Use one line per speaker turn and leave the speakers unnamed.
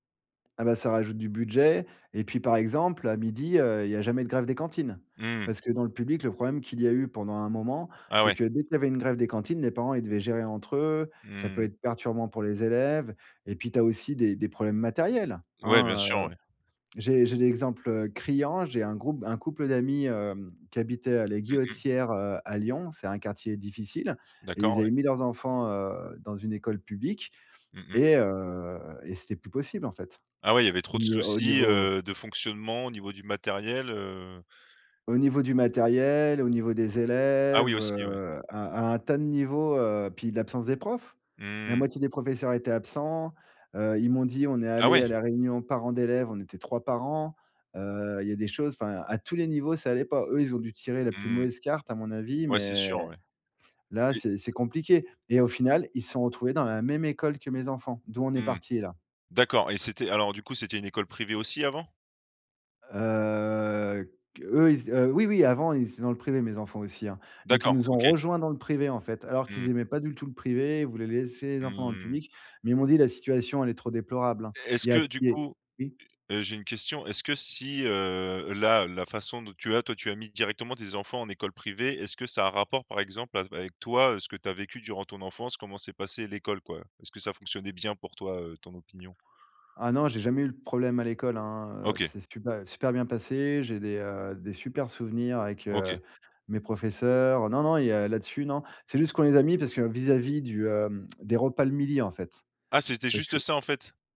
Ah ben, ca rajoute du budget. Et puis par exemple, à 12:00, heu, il y a jamais de grève des cantines,
Mmh.
parce que dans le public, le problème qu'il y a eu pendant un moment,
Ah
c'est
ouais.
que dès qu'il y avait une grève des cantines, les parents, ils devaient gérer entre eux. Ça peut
Mmh.
être perturbant pour les élèves. Et puis, tu as aussi des des problèmes matériels,
Ouais, bien
hein,
sûr,
heu.
ouais.
J'ai j'ai l'exemple, heu, criant. J'ai un groupe un couple d'amis, hem, qui habitait à la
Mmh mh.
Guillotière, heu, à Lyon. C'est un quartier difficile et
D'accord,
ils
ouais.
avaient mis leurs enfants, heu, dans une école publique
Mmh mh.
et heu et c'était plus possible en fait,
Ah ouais, il y avait
au
trop de
niv au
soucis,
niveau
heu, de fonctionnement au niveau du matériel, heu
au niveau du matériel, au niveau des
Ah oui
élèves,
aussi, ouais.
heu, à à à un tas de niveaux, heu, puis de l'absence des profs. La
Mmh.
moitié des professeurs étaient absents. Heu, ils m'ont dit: «On est
Ah
allés
ouais!
à la réunion parents d'élèves, on était 3 parents». Heu, il y a des choses enfin à tous les niveaux, ça allait pas. Eux, ils ont dû tirer la plus
Mmh.
mauvaise carte à mon avis,
Ouais, c'est
mais
sûr, ouais.
là,
Et
c'est c'est compliqué. Et au final, ils se sont retrouvés dans la même école que mes enfants, d'où on est
Mmh.
parti là.
D'accord et c'était alors du coup c'était une école privée aussi avant?
Heu, q eux, ils a oui, oui, avant, ils étaient dans le privé, mes enfants aussi, hein. Donc ils
D'accord,
nous ont
OK.
rejoint dans le privé, en fait, alors qu'ils
Mmh.
aimaient pas du tout le privé, ils voulaient laisser les enfants dans le
Mmh.
public, mais ils m'ont dit: «La situation, elle est trop déplorable hein».
Est est-ce
Il y a
que du
il y est
coup
oui.
heu heu, j'ai une question, est-ce que si, heu, là, la façon dont tu as toi, tu as mis directement tes enfants en école privée, est-ce que ça a un rapport par exemple avec toi, heu, ce que tu as vécu durant ton enfance, comment s'est passée l'école, quoi? Est-ce que ça fonctionnait bien pour toi, heu, ton opinion?
Ah non, j'ai jamais eu le problème à l'école, hein, heu,
OK.
c'est super super bien passé, j'ai des, heu, des super souvenirs avec,
OK.
heu, mes professeurs. Non, non, il y a là-dessus, non, c'est juste qu'on les a mis parce que vis-à-vis du, hem, des repas le midi en fait,
Ah, c'était
parce
juste
que
ça en fait?